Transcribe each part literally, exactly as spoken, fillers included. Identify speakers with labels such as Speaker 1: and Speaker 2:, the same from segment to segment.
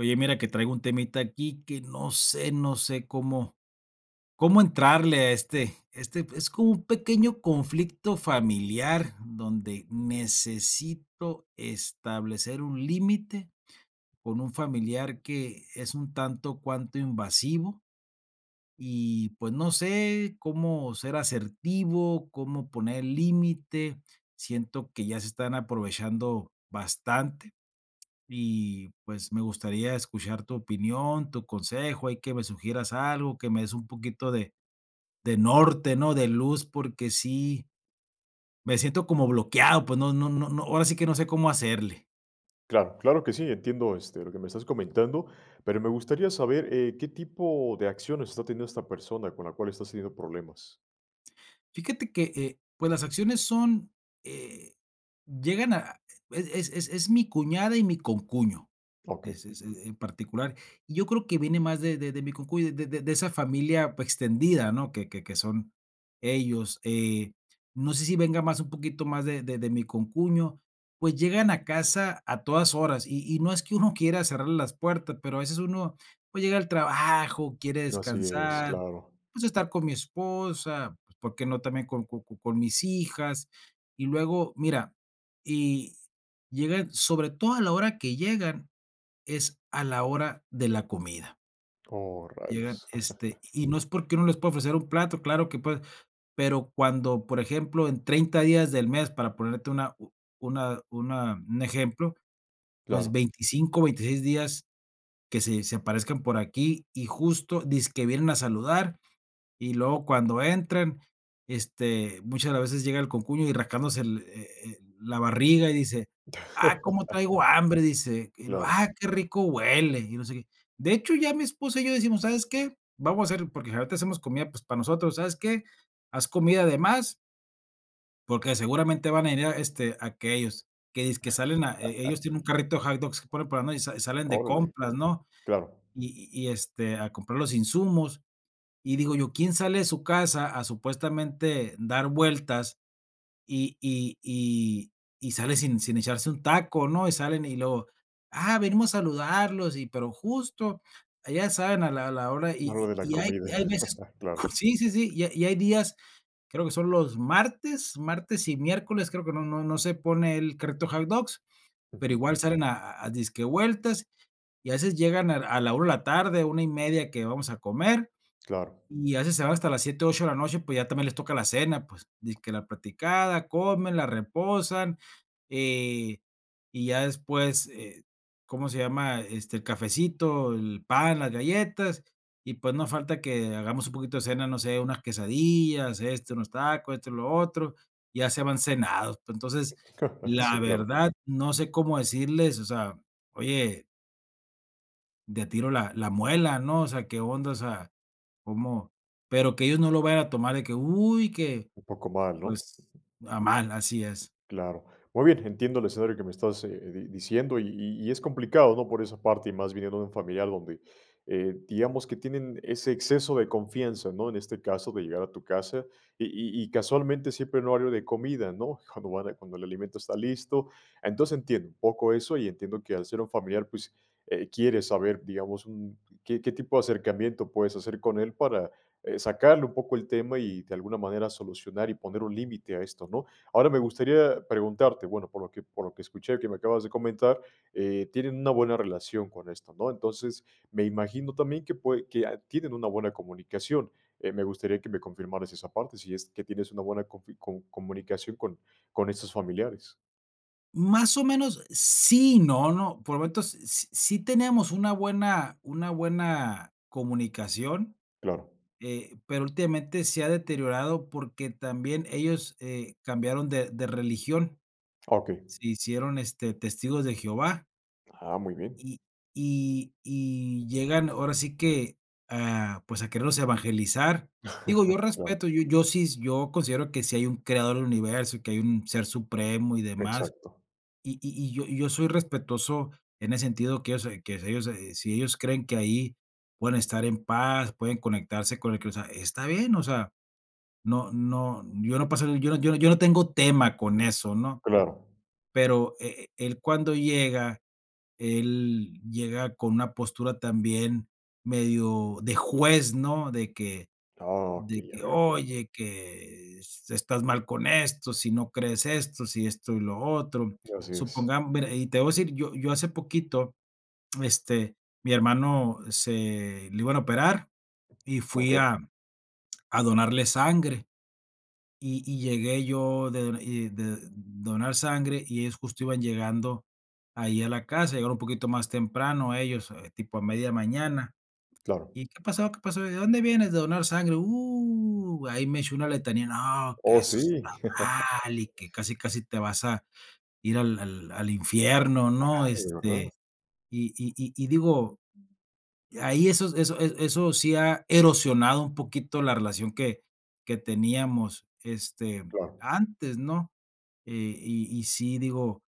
Speaker 1: Oye, mira que traigo un temita aquí que no sé no sé cómo cómo entrarle a este este, pues es como un pequeño conflicto familiar, donde necesito establecer un límite con un familiar que es un tanto cuanto invasivo y pues no sé cómo ser asertivo, cómo poner límite. Siento que ya se están aprovechando bastante y, pues, me gustaría escuchar tu opinión, tu consejo, ahí que me sugieras algo, que me des un poquito de de norte, ¿no? De luz porque sí me siento como bloqueado, pues no no no no ahora sí que no sé cómo hacerle.
Speaker 2: Claro, claro que sí, entiendo, este, lo que me estás comentando, pero me gustaría saber, eh, ¿qué tipo de acciones está teniendo esta persona con la cual estás teniendo problemas?
Speaker 1: Fíjate que, eh, pues, las acciones son, eh, llegan a es es es es mi cuñada y mi concuño.
Speaker 2: Okey.
Speaker 1: Es es en particular. Y yo creo que viene más de de de mi concuño, de de de esa familia, pues extendida, ¿no? Que que que son ellos. Eh, no sé si venga más un poquito más de de de mi concuño, pues llegan a casa a todas horas y y no es que uno quiera cerrarle las puertas, pero a veces uno, pues llega al trabajo, quiere
Speaker 2: Así es,
Speaker 1: descansar,
Speaker 2: claro.
Speaker 1: pues estar con mi esposa, pues por qué no también co co co con mis hijas. Y luego, mira, y llegan, sobre todo a la hora que llegan es a la hora de la comida.
Speaker 2: Oh,
Speaker 1: Llegan,
Speaker 2: rayos.
Speaker 1: este, y no es porque uno no les pueda ofrecer un plato, claro que puede, pero cuando, por ejemplo, en treinta días del mes para ponerte una u una una un ejemplo, pues,
Speaker 2: Claro.
Speaker 1: veinticinco, veintiséis días que se se aparezcan por aquí, y justo dizque vienen a saludar, y luego cuando entran, este, muchas de las veces llega el concuño y rascándose el eh, eh, la barriga y dice: "Ah, cómo traigo hambre", dice, y luego:
Speaker 2: Claro.
Speaker 1: "Ah, qué rico huele", y no sé qué. De hecho, ya mi esposa y yo decimos: "¿Sabes qué?, vamos a hacer", porque generalmente hacemos comida, pues, para nosotros, "¿Sabes qué?, haz comida de más" "porque seguramente van a venir, este, aquellos". Que dizque salen a eh, ellos tienen un carrito de hot dogs, por por ejemplo, y sa salen de
Speaker 2: Órale.
Speaker 1: compras, ¿no?,
Speaker 2: Claro.
Speaker 1: y y y este, a comprar los insumos. Y digo yo: "¿Quién sale de su casa a supuestamente dar vueltas y y y y sale sin sin echarse un taco?", ¿no?, y salen y luego: "Ah, venimos a saludarlos", y pero justo ya saben a la a la hora
Speaker 2: En hora
Speaker 1: y
Speaker 2: de la
Speaker 1: y hay
Speaker 2: comida.
Speaker 1: hay veces
Speaker 2: Claro.
Speaker 1: sí, sí, sí, y y hay días, creo que son los martes, martes y miércoles, creo que no no no se pone el carrito de hot dogs, pero
Speaker 2: Ujú.
Speaker 1: igual salen a a dizque vueltas, y a veces llegan a a la una de la tarde, una y media que vamos a comer,
Speaker 2: Claro.
Speaker 1: y a veces se van hasta las siete, ocho de la noche, pues, ya también les toca la cena, pues, dizque la platicada, comen, la reposan, eh, y ya después, eh, ¿cómo se llama?, este, el cafecito, el pan, las galletas, y pues, no falta que hagamos un poquito de cena, no sé, unas quesadillas, esto, unos tacos, esto y lo otro, ya se van cenados. Entonces,
Speaker 2: Sí,
Speaker 1: la
Speaker 2: claro.
Speaker 1: verdad, no sé cómo decirles, o sea, oye de tiro la la amuelan, ¿no?, o sea, ¿qué onda?, o sea, cómo, pero que ellos no lo vayan a tomar de que: "¡Uy, que",
Speaker 2: Un poco mal, ¿no?
Speaker 1: pues, a mal, así es.
Speaker 2: Claro. Muy bien, entiendo el escenario que me estás, eh eh, diciendo y y y es complicado, ¿no?, por esa parte, y más viniendo de un familiar donde, eh, digamos que tienen ese exceso de confianza, ¿no?, en este caso, de llegar a tu casa y y y casualmente siempre en horario de comida, ¿no?, cuando van a cuando el alimento está listo, entonces, entiendo un poco eso y entiendo que al ser un familiar, pues, eh, quiere saber, digamos, un qué qué tipo de acercamiento puedes hacer con él para, eh, sacarle un poco el tema y de alguna manera solucionar y poner un límite a esto, ¿no? Ahora me gustaría preguntarte, bueno, por lo que por lo que escuché, que me acabas de comentar, eh, tienen una buena relación con esto, ¿no?, entonces, me imagino también que pue que, a tienen una buena comunicación, eh, me gustaría que me confirmaras esa parte, si es que tienes una buena confi com comunicación con con estos familiares.
Speaker 1: Más o menos, sí y no, ¿no?, por momentos, s sí teníamos una buena una buena comunicación,
Speaker 2: Claro.
Speaker 1: eh, pero últimamente se ha deteriorado porque también ellos, eh, cambiaron de de religión.
Speaker 2: Ah, okey.
Speaker 1: Se hicieron, este, Testigos de Jehová.
Speaker 2: Ah, muy bien.
Speaker 1: Y y y llegan ahora sí que, ah, pues, a querernos evangelizar. Digo, yo
Speaker 2: Claro.
Speaker 1: respeto, yo yo sí, yo considero que sí hay un creador del universo, que hay un ser supremo y demás.
Speaker 2: Exacto.
Speaker 1: Y y yo, y yo soy respetuoso en ese sentido que ellos se que ellos se si ellos creen que ahí pueden estar en paz, pueden conectarse con el cre o sea, está bien, o sea, no no, yo no pasa, yo no yo no tengo tema con eso, ¿no?
Speaker 2: Claro.
Speaker 1: Pero eh, eh, él cuando llega, él llega con una postura también medio de juez, ¿no? De que
Speaker 2: Ah,
Speaker 1: de
Speaker 2: okey. Ya
Speaker 1: que:
Speaker 2: veo, claro.
Speaker 1: "Oye, que estás mal con esto, si no crees esto, si esto y lo otro".
Speaker 2: Así es.
Speaker 1: Supongamos mira, y te voy a decir, yo yo hace poquito, este, mi hermano se le iban a operar y fui
Speaker 2: Okey.
Speaker 1: a a donarle sangre. Y y llegué yo de do y de donar sangre, y ellos, justo, iban llegando ahí a la casa, llegaron un poquito más temprano ellos, tipo a media mañana.
Speaker 2: Claro.
Speaker 1: "¿Y qué pasó? ¿Qué pasó? ¿De dónde vienes?". "¿De donar sangre? Uh, ahí me echó una letanía, no, que
Speaker 2: Oh,
Speaker 1: eso está
Speaker 2: sí.
Speaker 1: mal, y que casi casi te vas a ir al al infierno, ¿no?
Speaker 2: Ajá, ¿de verdad?
Speaker 1: Este, y y y digo, ahí esos eso, eh, eso sí ha erosionado un poquito la relación que que teníamos, este,
Speaker 2: Claro.
Speaker 1: antes, ¿no? Eh, y y sí, digo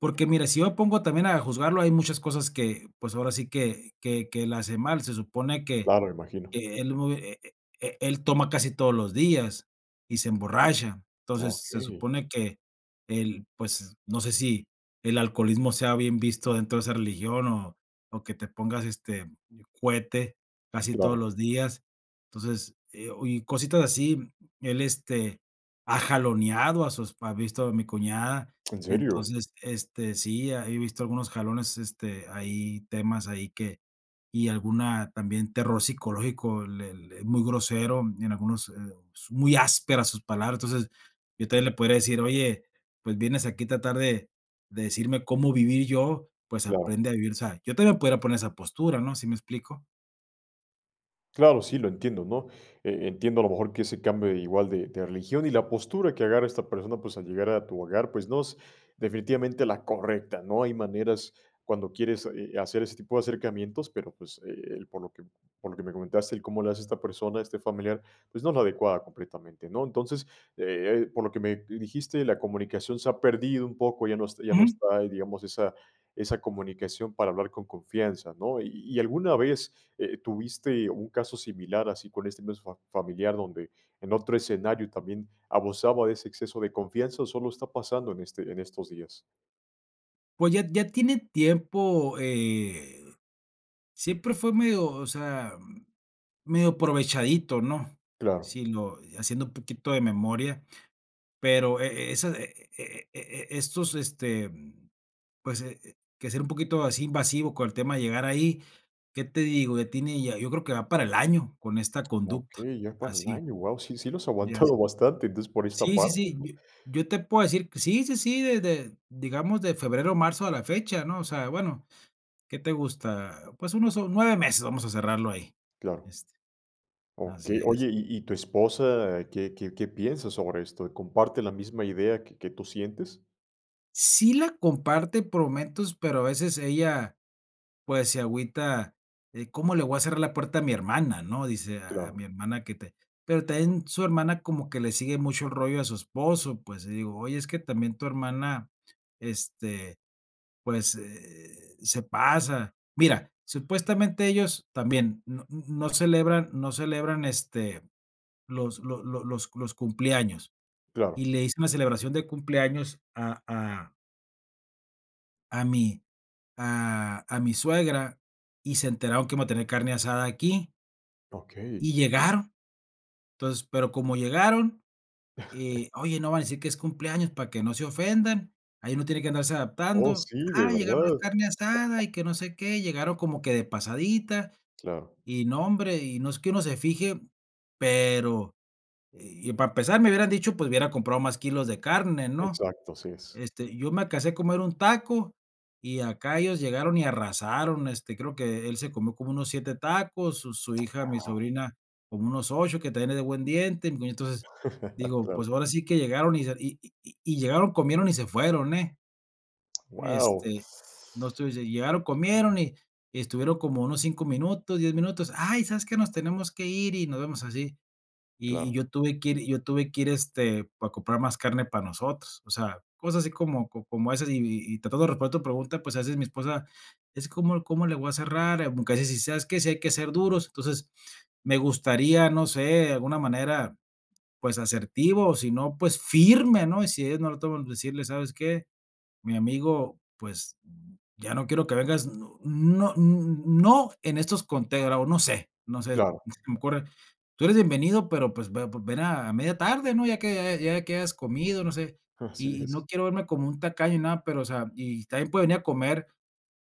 Speaker 1: porque mira, si yo pongo también a juzgarlo, hay muchas cosas que, pues, ahora sí que que que él hace mal, se supone que
Speaker 2: Claro, me imagino.
Speaker 1: que él bu eh eh él toma casi todos los días y se emborracha. Entonces, se
Speaker 2: Okey.
Speaker 1: supone que el pues, no sé, si el alcoholismo sea bien visto dentro de esa religión, o o que te pongas, este, cuete casi todos
Speaker 2: Claro.
Speaker 1: los días, entonces, eh, oye, y cositas así él este ha jaloneado a sus pa he visto a mi cuñada.
Speaker 2: ¿En serio?
Speaker 1: Entonces, este, sí, he visto algunos jalones, este, ahí temas, ahí que, y alguna también terror psicológico, le le es muy grosero, y en algunos, eh, muy áspera sus palabras. Entonces, yo todavía le podría decir: "Oye, pues, vienes aquí a tratar de de decirme cómo vivir yo, pues,
Speaker 2: Claro.
Speaker 1: aprende a vivir", o sea, yo todavía podría poner esa postura, ¿no? ¿Sí me explico?
Speaker 2: Claro, sí, lo entiendo, ¿no? E entiendo a lo mejor que ese cambio igual de de religión, y la postura que agarra esta persona, pues, al llegar a tu hogar, pues, no es definitivamente la correcta, ¿no? Hay maneras cuando quieres, eh eh, hacer ese tipo de acercamientos, pero, pues, eh eh, por lo que por lo que me comentaste, el cómo le hace esta persona, este familiar, pues, no es la adecuada completamente, ¿no? Entonces, eh eh, por lo que me dijiste, la comunicación se ha perdido un poco, ya no es ya no
Speaker 1: Ujú.
Speaker 2: está, digamos, esa esa comunicación para hablar con confianza, ¿no? Y y, ¿alguna vez, eh, tuviste un caso similar así con este mismo fa familiar donde en otro escenario también abusaba de ese exceso de confianza, o solo está pasando en este en estos días?
Speaker 1: Pues, ya ya tiene tiempo, eh, siempre fue medio, o sea medio aprovechadito, ¿no?
Speaker 2: Claro.
Speaker 1: Si lo haciendo un poquito de memoria, pero, eh, esa e e e e estos, este, pues, eh, que ser un poquito así invasivo con el tema de llegar ahí, ¿qué te digo? Ya tiene ya, yo creo que va para el año con esta conducta
Speaker 2: Okey, ya para el
Speaker 1: así,
Speaker 2: año, guau, sí, sí los ha
Speaker 1: ya sí.
Speaker 2: aguantado bastante, entonces por esta
Speaker 1: Sí sí
Speaker 2: parte,
Speaker 1: sí.
Speaker 2: ¿no?
Speaker 1: Yo yo te puedo decir sí, sí, sí, desde, digamos, de febrero, marzo a la fecha, ¿no? O sea, bueno, ¿qué te gusta? Pues, unos o nueve meses vamos a cerrarlo ahí,
Speaker 2: Claro,
Speaker 1: este. Así
Speaker 2: okey. Oye,
Speaker 1: es.
Speaker 2: y y tu esposa, ¿qué qué qué piensas sobre esto? ¿Comparte la misma idea que que tú sientes?
Speaker 1: Sí la comparte por momentos, pero a veces ella, pues, se agüita, eh, ¿cómo le voy a cerrar la puerta a mi hermana?, ¿no? Dice a a
Speaker 2: Claro.
Speaker 1: mi hermana que te pero también su hermana como que le sigue mucho el rollo a su esposo, pues, y digo: "Oye, es que también tu hermana, este, pues, eh, se pasa". Mira, supuestamente ellos, también no mm, no celebran no celebran, este, los lo lo los los cumpleaños, y
Speaker 2: Claro.
Speaker 1: le hice una celebración de cumpleaños a a a mi a a mi suegra y se enteraron que iba a tener carne asada aquí y
Speaker 2: Okey.
Speaker 1: llegaron. Entonces, pero como llegaron, eh oye, no vayas a decir que es cumpleaños para que no se ofendan, ahí uno tiene que andarse
Speaker 2: Oh,
Speaker 1: adaptando.
Speaker 2: sí, de
Speaker 1: Ah, llegaron a la
Speaker 2: verdad.
Speaker 1: carne asada y que no sé qué, llegaron como que de pasadita,
Speaker 2: Claro.
Speaker 1: y no hombre, y no es que uno se fije, pero y para empezar me hubieran dicho pues hubiera comprado más kilos de carne, ¿no?
Speaker 2: Exacto, así es.
Speaker 1: Este, yo me alcancé a comer un taco y acá ellos llegaron y arrasaron. Este, creo que él se comió como unos siete tacos, su su hija, mi
Speaker 2: Wao
Speaker 1: sobrina, como unos ocho que también es de buen diente, y como entonces, digo, pues
Speaker 2: Claro.
Speaker 1: ahora sí que llegaron y se y y y llegaron, comieron y se fueron, eh,
Speaker 2: Wao.
Speaker 1: este, no estuviesen, llegaron, comieron y y estuvieron como unos cinco minutos, diez minutos. Ay, ¿sabes qué? Nos tenemos que ir y nos vemos así. Y y
Speaker 2: Claro.
Speaker 1: yo tuve que ir yo tuve que ir, este, para comprar más carne para nosotros, o sea, cosas así como co como esas y y tratando de responder a tu pregunta, pues, a veces mi esposa, es: "¿Como cómo le voy a cerrar?". Aunque a veces dice: "¿Sabes qué?. Si hay que ser duros", entonces, me gustaría, no sé, alguna manera, pues, asertivo, si no, pues, firme, ¿no? Y si ellos no lo toman pues decirles: "¿Sabes qué, mi amigo?, pues, ya no quiero que vengas", no no, mm, no en estos, conteo, o no sé no sé, se
Speaker 2: Claro.
Speaker 1: me ocurre: "Tú eres bienvenido, pero pues ve ven a media tarde, ¿no? Ya que ya que hayas comido", no sé.
Speaker 2: Así
Speaker 1: Y y
Speaker 2: es.
Speaker 1: no quiero verme como un tacaño ni nada, pero, o sea, y también puede venir a comer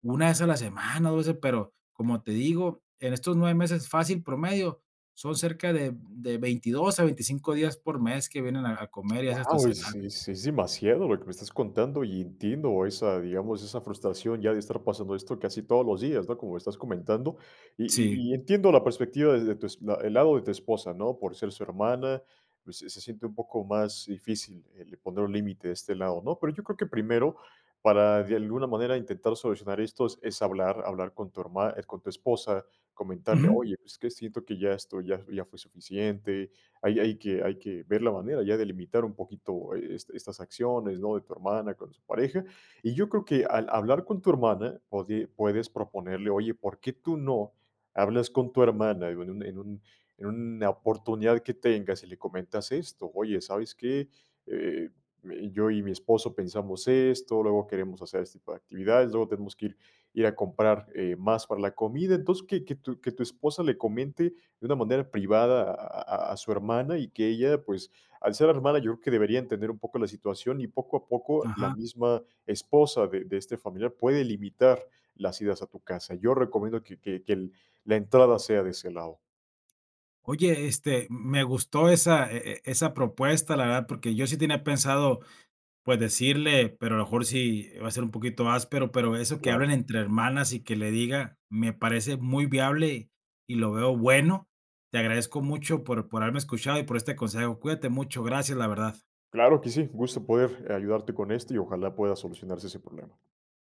Speaker 1: una vez a la semana, dos veces, pero, como te digo, en estos nueve meses fácil promedio, son cerca de de veintidos a veinticinco días por mes que vienen a a comer y a veces hasta
Speaker 2: Wao,
Speaker 1: cenar.
Speaker 2: sí sí es demasiado lo que me estás contando y entiendo esa, digamos, esa frustración ya de estar pasando esto casi todos los días, ¿no? Como me estás comentando. Y
Speaker 1: Sí.
Speaker 2: y y entiendo la perspectiva de de tu es eh, el lado de tu esposa, ¿no? Por ser su hermana, pues se se siente un poco más difícil el poner un límite de este lado, ¿no? Pero yo creo que primero, para de alguna manera intentar solucionar esto, es es hablar hablar con tu herma es con tu esposa, comentarle:
Speaker 1: Ujú.
Speaker 2: "Oye, pues es que siento que ya esto ya ya fue suficiente. Ahí hay que hay que ver la manera ya de limitar un poquito, eh, estas acciones, ¿no? De tu hermana, con su pareja". Y yo creo que al hablar con tu hermana, pode puedes proponerle. Oye, ¿por qué tú no hablas con tu hermana? en un en un en una oportunidad que tengas y le comentas esto: "Oye, ¿sabes qué? Eh, y yo y mi esposo pensamos esto, luego queremos hacer este tipo de actividades, luego tenemos que ir ir a comprar, eh, más para la comida". Entonces, que que tu que tu esposa le comente de una manera privada a a a su hermana y que ella, pues, al ser hermana, yo creo que debería entender un poco la situación y poco a poco la
Speaker 1: Ajá.
Speaker 2: misma esposa de de este familiar puede limitar las idas a tu casa. Yo recomiendo que que que el la entrada sea de ese lado.
Speaker 1: Oye, este, mm, me gustó esa e e esa propuesta, la verdad, porque yo sí tenía pensado, pues, decirle, pero a lo mejor sí va a ser un poquito áspero, pero eso que hablen
Speaker 2: Claro.
Speaker 1: entre hermanas y que le diga, me parece muy viable y lo veo bueno. Te agradezco mucho por por haberme escuchado y por este consejo. Cuídate mucho, gracias, la verdad.
Speaker 2: Claro que sí, gusto en poder ayudarte con esto y ojalá pueda solucionarse sin problema.